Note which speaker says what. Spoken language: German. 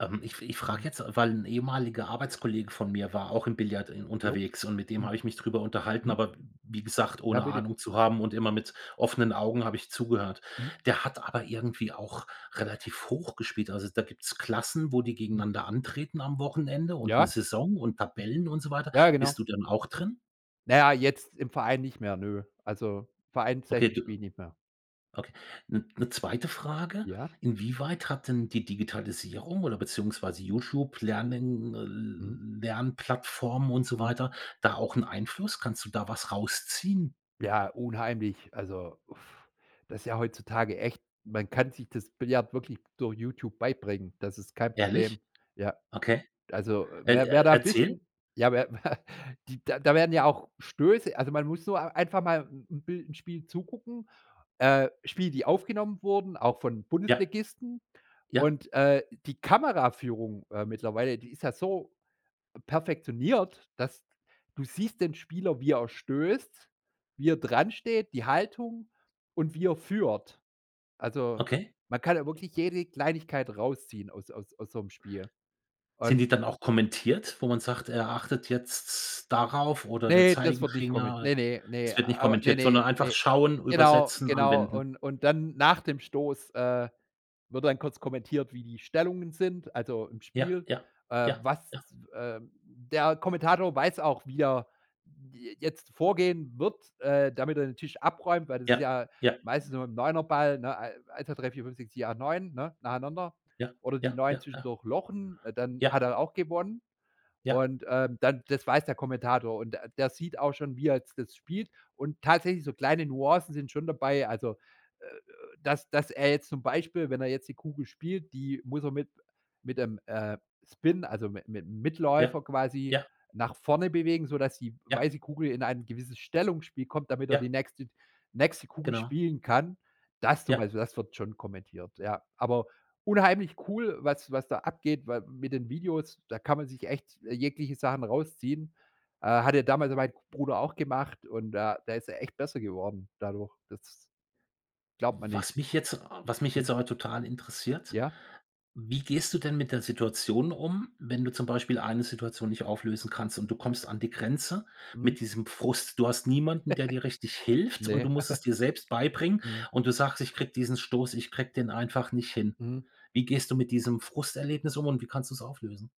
Speaker 1: Ähm, ich fr ich frage
Speaker 2: Hm.
Speaker 1: jetzt, äh, weil 'n ehemaliger Arbeitskollege von mir war auch im Billard en
Speaker 2: Jo,
Speaker 1: unterwegs und mit dem
Speaker 2: hm.
Speaker 1: habe ich mich drüber unterhalten.
Speaker 2: Mhm.
Speaker 1: Aber w wie gesagt,
Speaker 2: Ja,
Speaker 1: ohne
Speaker 2: bitte.
Speaker 1: Ahnung zu haben und immer mit offenen Augen habe ich zugehört.
Speaker 2: Mhm.
Speaker 1: Der hat aber irgendwie auch relativ hoch gespielt. Also, da gibt's Klassen, wo die
Speaker 2: Hm.
Speaker 1: gegeneinander antreten am Wochenende und
Speaker 2: Ja.
Speaker 1: 'ne
Speaker 2: Hm.
Speaker 1: Saison und Tabellen und so weiter.
Speaker 2: Ja,
Speaker 1: Bist
Speaker 2: genau.
Speaker 1: du denn auch drin?
Speaker 2: Na ja, jetzt im Verein nicht mehr, nö. Also,
Speaker 1: Okay
Speaker 2: Vereinsseite
Speaker 1: du
Speaker 2: spiele ich nicht mehr.
Speaker 1: okay. 'N 'ne 2. Frage.
Speaker 2: Ja?
Speaker 1: Inwieweit hat denn die Digitalisierung oder beziehungsweise YouTube Lernen äh
Speaker 2: Mhm.
Speaker 1: L Lernplattformen und so
Speaker 2: Mhm.
Speaker 1: weiter da auch 'n Einfluss? Kannst du da was rausziehen?
Speaker 2: Ja, unheimlich, also, uf, das ist ja heutzutage echt man kann sich das Billard wirklich durch YouTube beibringen, das ist kein
Speaker 1: Ehrlich?
Speaker 2: Problem, ja.
Speaker 1: Okay.
Speaker 2: Also, äh,
Speaker 1: Äh,
Speaker 2: wer wer da 'n
Speaker 1: erzähl.
Speaker 2: bisschen ja, wer die da werden ja auch Stöße also, man muss so einfach mal 'n 'n bill 'n Spiel zugucken, äh, Spiele die aufgenommen wurden, auch von
Speaker 1: Ja.
Speaker 2: Bundesligisten.
Speaker 1: Ja.
Speaker 2: Und, äh, die Kameraführung, äh, mittlerweile, die ist ja so perfektioniert, dass du siehst den Spieler, wie er stößt, wie er dransteht, die Haltung und wie er führt. Also,
Speaker 1: Okay.
Speaker 2: man kann da wirklich jede Kleinigkeit rausziehen aus aus aus so 'm Spiel.
Speaker 1: Sind
Speaker 2: Und
Speaker 1: die dann auch kommentiert, wo man sagt, er achtet jetzt darauf oder der
Speaker 2: Ne, das wird nicht komment
Speaker 1: Zeigefinger?
Speaker 2: ne, ne, ne,
Speaker 1: Es wird nicht
Speaker 2: aber ne,
Speaker 1: kommentiert,
Speaker 2: ne,
Speaker 1: sondern einfach
Speaker 2: ne.
Speaker 1: schauen,
Speaker 2: Genau,
Speaker 1: übersetzen,
Speaker 2: genau,
Speaker 1: anwenden.
Speaker 2: und und dann nach dem Stoß, äh, wird dann kurz kommentiert, wie die Stellungen sind also, im
Speaker 1: Ja,
Speaker 2: Spiel,
Speaker 1: ja,
Speaker 2: äh,
Speaker 1: ja,
Speaker 2: was,
Speaker 1: ja.
Speaker 2: w ähm, der Kommentator weiß auch, wie er j jetzt vorgehen wird, äh, damit er den Tisch abräumt, weil das ist
Speaker 1: Ja,
Speaker 2: ja
Speaker 1: ja.
Speaker 2: meistens nur mit'm 9er Ball nochmal, ne, ei 1, 2, 3, 4, 5, 6, 7, 8, 9, ne, nacheinander
Speaker 1: Ja,
Speaker 2: oder die
Speaker 1: ja, ja,
Speaker 2: 9
Speaker 1: ja.
Speaker 2: zwischendurch lochen, äh, dann hat
Speaker 1: Ja.
Speaker 2: er auch gewonnen.
Speaker 1: Ja.
Speaker 2: Und, ähm, dann das weiß der Kommentator und der der sieht auch schon, wie er jetzt das spielt. Und tatsächlich so kleine Nuancen sind schon dabei, also, äh, äh, dass dass er jetzt zum Beispiel, wenn er jetzt die Kugel spielt, die muss er mit mit dem, äh, Spin also, mit mit-'m
Speaker 1: Ja,
Speaker 2: Mitläufer quasi
Speaker 1: ja.
Speaker 2: nach vorne bewegen, sodass die
Speaker 1: Ja.
Speaker 2: weiße Kugel in ein gewisses Stellungsspiel kommt, damit er
Speaker 1: Ja.
Speaker 2: die nächste nächste Kugel
Speaker 1: Genau.
Speaker 2: spielen kann. Das zum
Speaker 1: Ja.
Speaker 2: Beispiel, das wird schon kommentiert, ja. Aber unheimlich cool, was was da abgeht, weil mit den Videos, da kann man sich echt jegliche Sachen rausziehen. Äh, hat ja damals mein Bruder auch gemacht und da da ist er echt besser geworden dadurch. Das glaubt man
Speaker 1: Was
Speaker 2: nicht.
Speaker 1: mich jetzt a was mich
Speaker 2: Mhm.
Speaker 1: jetzt aber total interessiert,
Speaker 2: Ja.
Speaker 1: wie gehst du denn mit der Situation um, wenn du zum Beispiel eine Situation nicht auflösen kannst und du kommst an die Grenze
Speaker 2: Mhm.
Speaker 1: mit diesem Frust. Du hast niemanden, der dir richtig hilft und
Speaker 2: Ne.
Speaker 1: du musst es dir selbst beibringen
Speaker 2: Mhm.
Speaker 1: und du sagst: „Ich kriege diesen Stoß ich kriege den einfach nicht hin.“
Speaker 2: Mhm.
Speaker 1: Wie gehst du mit diesem Frusterlebnis um und wie kannst du's auflösen?